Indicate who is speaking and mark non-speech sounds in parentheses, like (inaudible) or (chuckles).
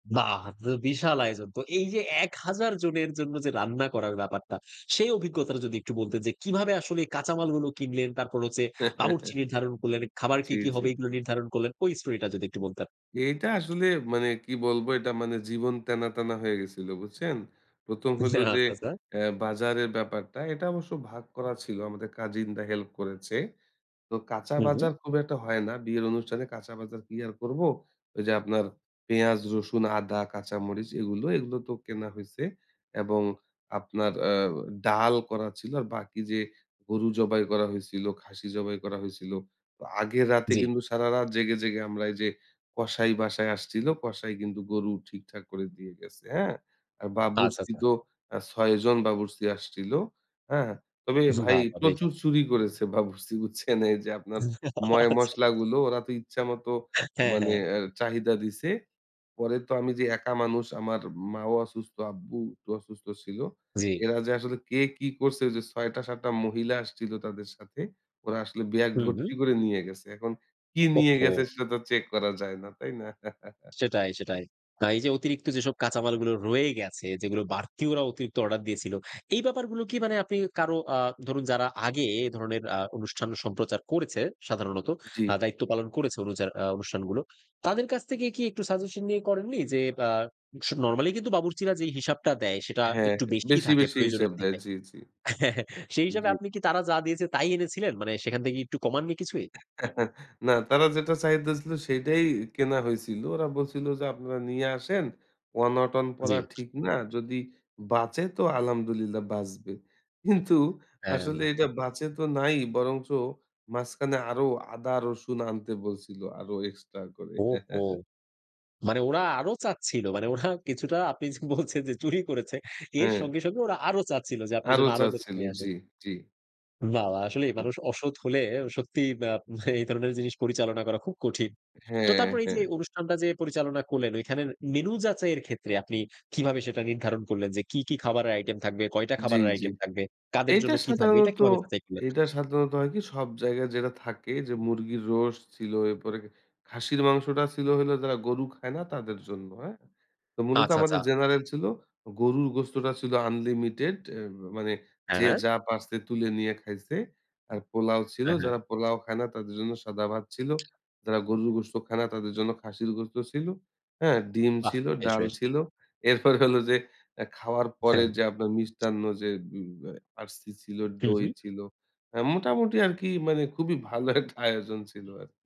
Speaker 1: বাহ! তা তো বিশাল আয়োজন তো। এই যে ১০০০ জনের জন্য যে রান্না করার ব্যাপারটা, সেই অভিজ্ঞতাটা যদি একটু বলতেন যে কিভাবে আসলে কাঁচামালগুলো কিনলেন? তারপর হচ্ছে বাবুর্চি
Speaker 2: (chuckles)
Speaker 1: নির্ধারণ করলেন, খাবার কি,
Speaker 2: জি,
Speaker 1: কি হবে?
Speaker 2: জি।
Speaker 1: এগুলো নির্ধারণ করলেন, ঐ স্টোরিটা যদি একটু বলতেন!
Speaker 2: এটা আসলে মানে কী বলবো? এটা মানে জীবন তেনা, তেনা হয়ে গেছিল, বুঝছেন? ১ম হইলো যে,
Speaker 1: (unintelligible)
Speaker 2: অ্যা বাজারের ব্যাপারটা, এটা অবশ্য ভাগ করা ছিল, আমাদের কাজিনরা হেল্প করেছে। তো কাঁচা
Speaker 1: হুম, হু।
Speaker 2: বাজার খুব একটা হয় না। বিয়ের অনুষ্ঠানে কাঁচা বাজার কি আর করবো? ওই যে আপনার পেঁয়াজ, রসুন, আদা, কাঁচা মরিচ এগুলো, এগুলো তো কেনা হইছে এবং আপনার আ ডাল করা ছিল। আর বাকি যে, গরু জবাই করা হইছিল, খাসি জবাই করা হইছিল। আগের রাতে
Speaker 1: জি।
Speaker 2: কিন্তু সারারাত জেগে, জেগে আমরা এই যে, কসাই বাসায় আসছিলো, কসাই কিন্তু গরু ঠিকঠাক করে দিয়ে গেছে, হ্যাঁ? আর
Speaker 1: আচ্ছা,
Speaker 2: বাবুর্চি
Speaker 1: আচ্ছা।
Speaker 2: তো অ্যা ৬ জন বাবুর্চি আসছিল। হ্যাঁ? তবে ভাই
Speaker 1: বাহ! বেশ।
Speaker 2: প্রচুর চুরি করেছে বাবুর্চি, বুঝছেন? এই যে আপনার
Speaker 1: (chuckles) আচ্ছা।
Speaker 2: ময়-মশলা গুলো ওরা তো ইচ্ছা মতো
Speaker 1: হ্যাঁ,
Speaker 2: মানে
Speaker 1: হ্যাঁ।
Speaker 2: এ চাহিদা দিছে। পরে তো আমি যে একা মানুষ, আমার মাও অসুস্থ, আব্বু একটু অসুস্থ ছিল।
Speaker 1: জি।
Speaker 2: এরা যে আসলে কে কি করছে? ওই যে ৬ টা ৭ টা মহিলা আসছিল তাদের সাথে, ওরা আসলে ব্যাগ
Speaker 1: হুম, হু।
Speaker 2: ভর্তি করে নিয়ে গেছে। এখন কী
Speaker 1: ওহ
Speaker 2: নিয়ে গেছে
Speaker 1: হো!
Speaker 2: সেটা তো চেক করা যায় না, তাই না?
Speaker 1: (tsk)
Speaker 2: (chuckles)
Speaker 1: সেটাই সেটাই। হ্যাঁ, এই যে অতিরিক্ত যেসব কাঁচামালগুলো রয়ে গেছে, যেগুলো বাড়তি ওরা অতিরিক্ত অর্ডার দিয়েছিল। এই ব্যাপারগুলো কি মানে আপনি কারো আ ধরুন যারা আগে এই ধরনের আ অনুষ্ঠান সম্প্রচার করেছে সাধারণত,
Speaker 2: (smacks lips) জি।
Speaker 1: আ দায়িত্ব পালন করেছে অনুজার আ অনুষ্ঠানগুলো। তাদের কাছ থেকে কি একটু সাজেশন দিয়ে করেননি? যে ব্যা স নরমালি কিন্তু বাবুর্চিরা যেই হিসাবটা দেয়, সেটা
Speaker 2: হ্যাঁ,
Speaker 1: একটু
Speaker 2: হ্যাঁ।
Speaker 1: বেশিই
Speaker 2: বেশি,
Speaker 1: থাকে
Speaker 2: বেশি হিসাব
Speaker 1: প্রয়োজনের
Speaker 2: দেয়।
Speaker 1: থেকে
Speaker 2: জি, জি।
Speaker 1: (chuckles) সেই হিসাবে
Speaker 2: জি।
Speaker 1: আপনি কি তারা যা দিয়েছে তাই এনেছিলেন? মানে সেখান থেকে একটু কমাননি কিছুই?
Speaker 2: (chuckles) না। তারা যেটা চাহিদা দিছিল সেটাই কেনা হইছিল, ওরা বলছিল যে," আপনারা নিয়ে আসেন, অনটন পরা
Speaker 1: জি।
Speaker 2: ঠিক না, যদি বাঁচে তো আলহামদুলিল্লাহ বাঁচবে।" কিন্তু
Speaker 1: হ্যাঁ।
Speaker 2: আসলে
Speaker 1: না।
Speaker 2: এটা বাঁচে তো নাই, বরঞ্চ মাঝখানে আরো আদা, রসুন আনতে বলছিল, আরো এক্সট্রা করে।
Speaker 1: ওহ হো!
Speaker 2: (chuckles)
Speaker 1: মানে ওরা আরো চাচ্ছিল? মানে ওরা কিছুটা আপনি বলছেন যে চুরি করেছে। এর
Speaker 2: হ্যাঁ।
Speaker 1: সঙ্গে সঙ্গে ওরা আরো চাচ্ছিল, যে আপনি
Speaker 2: আরও
Speaker 1: যেন আরো ওদেরকে
Speaker 2: চাচ্ছিল।
Speaker 1: দিয়ে
Speaker 2: জি,
Speaker 1: আসেন।
Speaker 2: জি।
Speaker 1: বাহ, বাহ! আসলেই
Speaker 2: জি।
Speaker 1: মানুষ অসৎ হলে সত্যিই আ এই ধরনের জিনিস পরিচালনা করা খুব কঠিন। তো
Speaker 2: হ্যাঁ,
Speaker 1: তারপর এই
Speaker 2: হ্যাঁ।
Speaker 1: যে, অনুষ্ঠানটা যে পরিচালনা করলেন, ওইখানের মেন্যু যাচাইয়ের ক্ষেত্রে আপনি কিভাবে সেটা নির্ধারণ করলেন যে, কী, কী খাবারের আইটেম থাকবে? কয়টা
Speaker 2: জি,
Speaker 1: খাবারের
Speaker 2: জি।
Speaker 1: আইটেম থাকবে? কাদের
Speaker 2: এইটা
Speaker 1: জন্য কী থাকবে? এটা
Speaker 2: সাধারণত
Speaker 1: কিভাবে যাচাই করলেন?
Speaker 2: এইটা সাধারণত হয় কি? সব জায়গায় যেটা থাকে যে, মুরগির রোস্ট ছিল, এরপরে খাসির মাংসটা ছিল হইলো যারা গরু খায় না তাদের জন্য, হ্যাঁ? তো মূলত
Speaker 1: আচ্ছা, আচ্ছা।
Speaker 2: আমাদের জেনারেল ছিল। গরুর গোস্তটা ছিল আনলিমিটেড অ্যা মানে যে
Speaker 1: হ্যাঁ।
Speaker 2: যা পারছে তুলে নিয়ে খাইছে, আর পোলাও ছিল।
Speaker 1: হ্যাঁ, হ্যাঁ।
Speaker 2: যারা পোলাও খায় না তাদের জন্য সাদা ভাত ছিল। যারা গরুর গোস্ত খায় না তাদের জন্য খাসির গোস্ত ছিল। হ্যাঁ? ডিম
Speaker 1: বাহ!
Speaker 2: ছিল,
Speaker 1: বেশ,
Speaker 2: ডাল
Speaker 1: বেশ।
Speaker 2: ছিল। এরপরে হলো যে এ খাওয়ার পরে
Speaker 1: হ্যাঁ।
Speaker 2: যে আপনার মিষ্টান্ন যে বি ব্য RC ছিল,
Speaker 1: হুম,
Speaker 2: দই
Speaker 1: হুম।
Speaker 2: ছিল। আ মোটামুটি আরকি মানে খুবই ভালো একটা আয়োজন ছিল আর